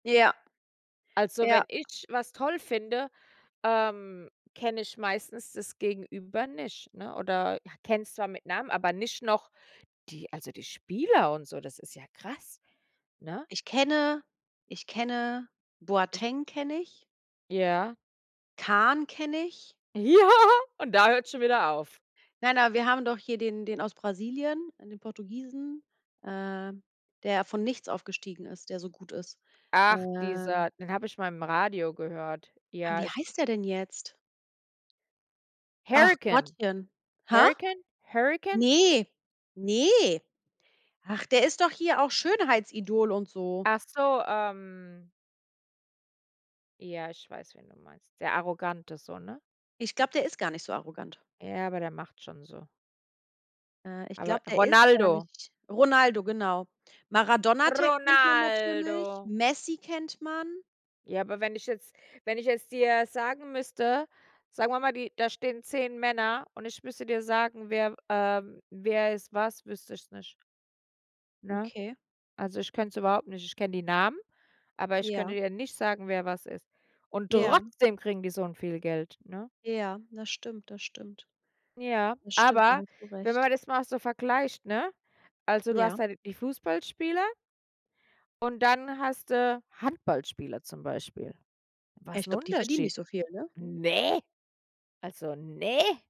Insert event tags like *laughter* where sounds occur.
Ja. Also Ja. wenn ich was toll finde, ähm, kenne ich meistens das Gegenüber nicht, ne? Oder, ja, kenn's zwar mit Namen, aber nicht noch die also die Spieler und so. Das ist ja krass, ne? Ich kenne ich kenne Ich Boateng kenne ich. Ja. Kahn kenne ich. Ja, und da hört's schon wieder auf. Nein, aber, wir haben doch hier den den aus Brasilien, den Portugiesen, ähm, der von nichts aufgestiegen ist, der so gut ist. Ach, Ähm dieser den habe ich mal im Radio gehört. Ah, Ja, wie ich heißt der denn jetzt? Ach Harry Kane. Gottchen. Ha? Harry Kane, Harry Kane? Ne, ne. Ach, der ist doch hier auch Schönheitsidol und so. Ach so, ähm Ja, ich weiß, wen du meinst. Der arrogant ist so, ne? Ich glaube, der ist gar nicht so arrogant. Ja, aber der macht schon so. Ah, ich Aber glaube, der ist gar Ronaldo. nicht Ronaldo, genau. Maradonna *unintelligible* kennt man natürlich, Ronaldo. Messi kennt man. Ja, aber wenn ich jetzt wenn ich es dir sagen müsste, sagen wir mal, die da stehen 10 Männer und ich müsste dir sagen, wer, ähm wer ist was, wüsste ich es nicht. Ne? Okay. Also ich könnte es überhaupt nicht. Ich kenne die Namen, aber ich könnte Ja. dir nicht sagen, wer was ist. Und Ja. trotzdem kriegen die so 'n viel Geld, ne? Ja, das stimmt, das stimmt. Ja, Das stimmt, da aber hast du wenn recht. man das mal so vergleicht, ne? Also, du hast Ja. da die Fußballspieler und dann hast du Handballspieler zum Beispiel. Ja, Was ich 'n glaube, die verdienen Unterschied? nicht so viel, ne? Ne. Also, ne.